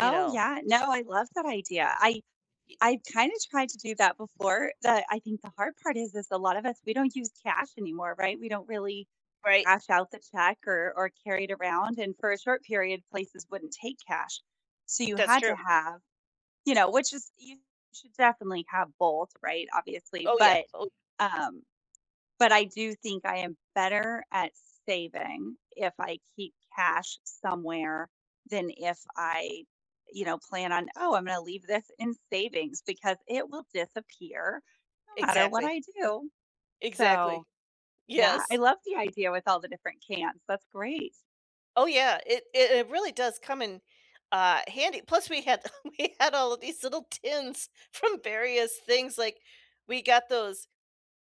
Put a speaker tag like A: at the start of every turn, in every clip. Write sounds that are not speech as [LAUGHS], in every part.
A: You know?
B: yeah, no, I love that idea. I
A: Ye
B: I kinda tried to do that before, but I think the hard part is is a lot of us, we don't use cash anymore, right? We don't really
A: Right.
B: cash out the check or or carry it around, and for a short period, places wouldn't take cash so you
A: That's
B: had to
A: true.
B: have you know, which is you should definitely have both, right, obviously.
A: Oh yeah,
B: But,
A: oh y
B: um, but I do think I am better at saving if I keep cash somewhere than if I, you know, plan on: “Oh, I'm gonna leave this in savings because it will disappear no matter what
A: Exactly.
B: I do,”
A: Exactly.
B: so, yeah, I
A: Yes.
B: love the idea with all the different cans, that's great.
A: Oh yeah, it it it really does come in, uh, handy, plus we had we had all of these little tins from various things, like, we got those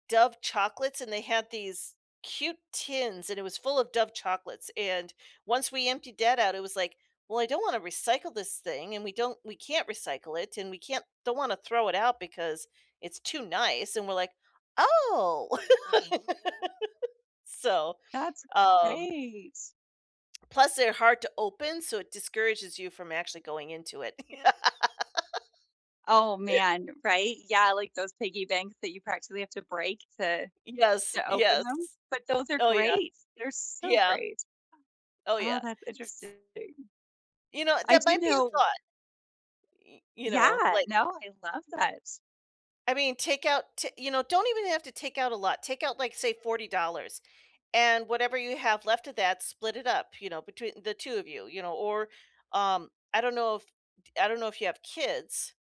A: Dove chocolates and they had these cute tins and it was full of Dove chocolates and once we emptied that out, it was, like, "Well, I don't wanna recycle this thing and we don't we can't recycle it and we can't don't wanna throw it out because it's too nice", and we're, like, "Oh!" [LAUGHS] so,
B: That's
A: um
B: great.
A: Plus they're hard to open, so, it discourages you from actually going into it. [LAUGHS]
B: Oh, man, right? Yeah, like, those piggy banks that you practically have to break to
A: Yes,
B: to open
A: yes.
B: them? But those are
A: Oh yeah.
B: great, they're so
A: Yeah.
B: great.
A: Oh
B: Oh,
A: yeah,
B: that's
A: s
B: interesting.
A: s You know,
B: I
A: that
B: do
A: might be a
B: know
A: thought. Y you know,
B: Yeah
A: like
B: no, I love that.
A: I mean, take out t you know, don't even have to take out a lot, take out, like, say $40, and whatever you have left of that, split it up, you know, between the 2 of you, you know, or, um, I don't know if d I don't know if you have kids